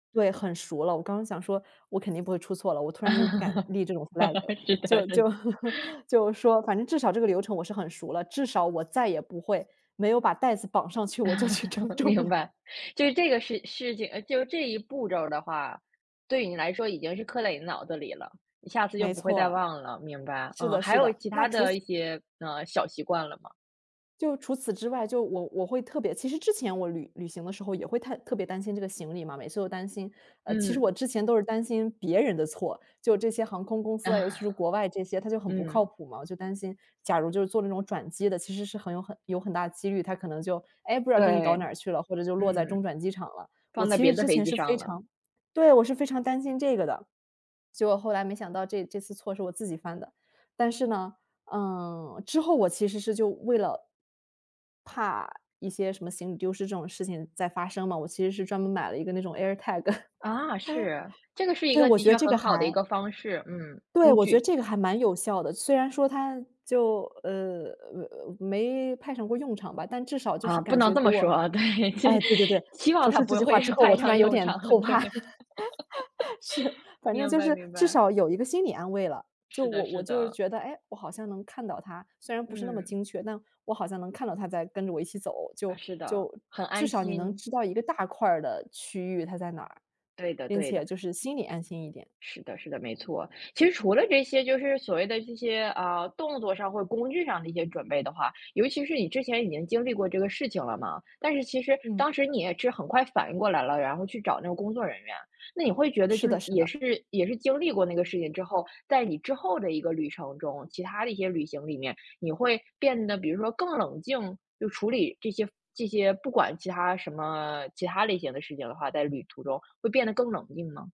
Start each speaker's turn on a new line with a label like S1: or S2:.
S1: 对，很熟了。我刚刚想说我肯定不会出错了，我突然又不敢立这种 flag，
S2: 是的
S1: 就
S2: 是
S1: 就
S2: 的。
S1: 就说反正至少这个流程我是很熟了，至少我再也不会没有把带子绑上去我就去称 重
S2: 明
S1: 了。
S2: 白。就是这个事事情，就这一步骤儿的话，对你来说已经是刻在你脑子里了，你下次就
S1: 没
S2: 不会再
S1: 错。
S2: 忘了。明白。
S1: 是
S2: 嗯，
S1: 的
S2: 还
S1: 是
S2: 有
S1: 的，
S2: 其它
S1: 那除
S2: 的
S1: 此
S2: 一些，呃，小习惯了吗？
S1: 就除此之外，就我我会特别其实之前我旅旅行的时候也会太特别担心这个行李嘛，每次都担心。呃其实
S2: 嗯。
S1: 我之前都是担心别人的错，就这些航空公司啊，尤其是国外这些 它就很不靠
S2: 嗯。
S1: 谱嘛，我就担心假如就是坐这种转机的，其实是很有很有很大的几率，它可能就，哎，不知道给你
S2: 对，
S1: 搞哪去了或者就落在
S2: 嗯。
S1: 中转机场了。我
S2: 放在
S1: 其
S2: 别
S1: 实
S2: 的
S1: 之
S2: 飞
S1: 前
S2: 机
S1: 是
S2: 上
S1: 非
S2: 了。
S1: 常对，我是非常担心这个的，结果后来没想到这这次错是我自己犯的。但是呢，呃，之后我其实是就为了怕一些什么行李丢失这种事情再发生呢，我其实是专门买了一个那种 airtag。
S2: 啊，是。这个是一
S1: 对，
S2: 个
S1: 我
S2: 的
S1: 觉得
S2: 确
S1: 这个
S2: 很好的一
S1: 还
S2: 个方式，嗯，
S1: 对，
S2: 工
S1: 我觉得
S2: 具。
S1: 这个还蛮有效的。虽然说它就，呃呃，没派上过用场吧，但至少就
S2: 啊，
S1: 是
S2: 不
S1: 感
S2: 能
S1: 觉
S2: 这
S1: 给
S2: 么
S1: 我
S2: 说。啊，对，希
S1: 哎，对对对，
S2: 希望
S1: 说
S2: 它
S1: 出这
S2: 不
S1: 句话
S2: 会
S1: 之后
S2: 派
S1: 我突
S2: 上
S1: 然有
S2: 用
S1: 点
S2: 场。
S1: 后怕。
S2: 对。
S1: 是，反正
S2: 明
S1: 就
S2: 白
S1: 是
S2: 明
S1: 至
S2: 白。
S1: 少有一个心理安慰了，就
S2: 是的
S1: 我我
S2: 是
S1: 就
S2: 的。
S1: 觉得，哎，我好像能看到它，虽然不是那么
S2: 嗯。
S1: 精确，但我好像能看到它在跟着我一起走，
S2: 唉，
S1: 就
S2: 是的，
S1: 就
S2: 很
S1: 至
S2: 安
S1: 少你能
S2: 心。
S1: 知道一个大块的区域它在哪儿，
S2: 对的
S1: 并
S2: 对
S1: 且
S2: 的。
S1: 就是心里安心一点。
S2: 是的是的，没错。其实除了这些就是所谓的这些，啊，动作上或工具上的一些准备的话，尤其是你之前已经经历过这个事情了嘛，但是其实
S1: 嗯。
S2: 当时你也是很快反应过来了，然后去找那个工作人员。那你会觉得
S1: 是
S2: 就
S1: 的是
S2: 也
S1: 的。
S2: 是也是经历过那个事情之后，在你之后的一个旅程中，其它的一些旅行里面，你会变得比如说更冷静？就处理这些这些不管其它什么其它类型的事情的话，在旅途中会变得更冷静吗？